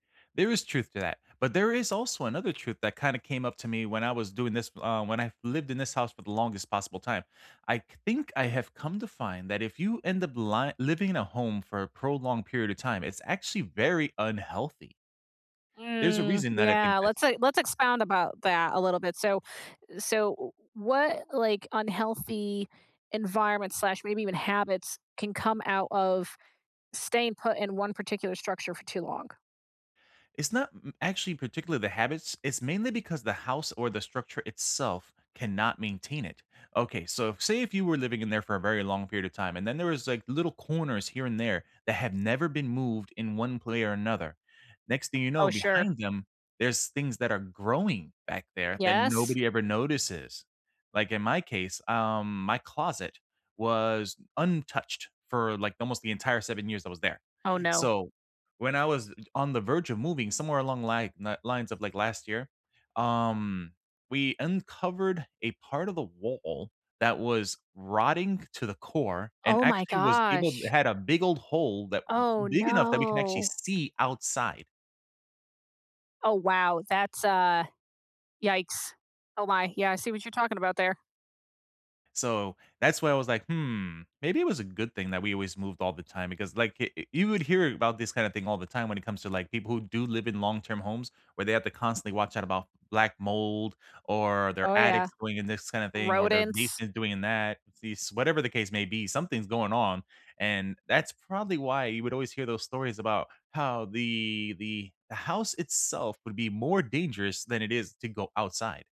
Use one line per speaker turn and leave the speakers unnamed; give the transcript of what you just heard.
There is truth to that, but there is also another truth that kinda came up to me when I was doing this uh, when I lived in this house for the longest possible time. I c think I have come to find that if you end up ly living in a home for a prolonged period of time, it's actually very unhealthy. There's a
Mm,
reason that I think
yeah,
this.
let's, uh let's expound about that a little bit, so so w w what like unhealthy environment slash maybe even habits can come out of staying put in one particular structure for too long?
It's not m m actually particularly the habits, it's mainly because the house or the structure itself cannot maintain it. Okay, so say if you were living in there for a very long period of time and then there was like little corners here and there that have never been moved in one play or another. Next thing you
Oh,
know,
sure.
behind them, there's things that are growing back there that
Yes.
nobody ever notices. Like in my case, um, my closet was untouched for like almost the entire 7 years I was there,
Oh no.
so when I was on the verge of moving somewhere along li na lines of like last year, um, we uncovered a part of the wall that was rotting to the core and
Oh my
actually was able to
gosh.
had a big old hole that
Oh,
big enough that we can actually
no.
see outside.
Oh, wow, that's a Yikes. Oh my, yeah, I see what you're talking about there.
So that's why I was like, "Hmm, maybe it was a good thing that we always moved all the time because like eh eh you would hear about this kind of thing all the time when it comes to, like, people who do live in long-term homes where they have to constantly watch out about black mold or
Oh,
their
yeah.
attics going in this kinda thing or their
Rodents.
basement doing in that. These whatever the case may be, something's going on, and that's probably why you would always hear those stories about how the the house itself would be more dangerous than it is to go outside.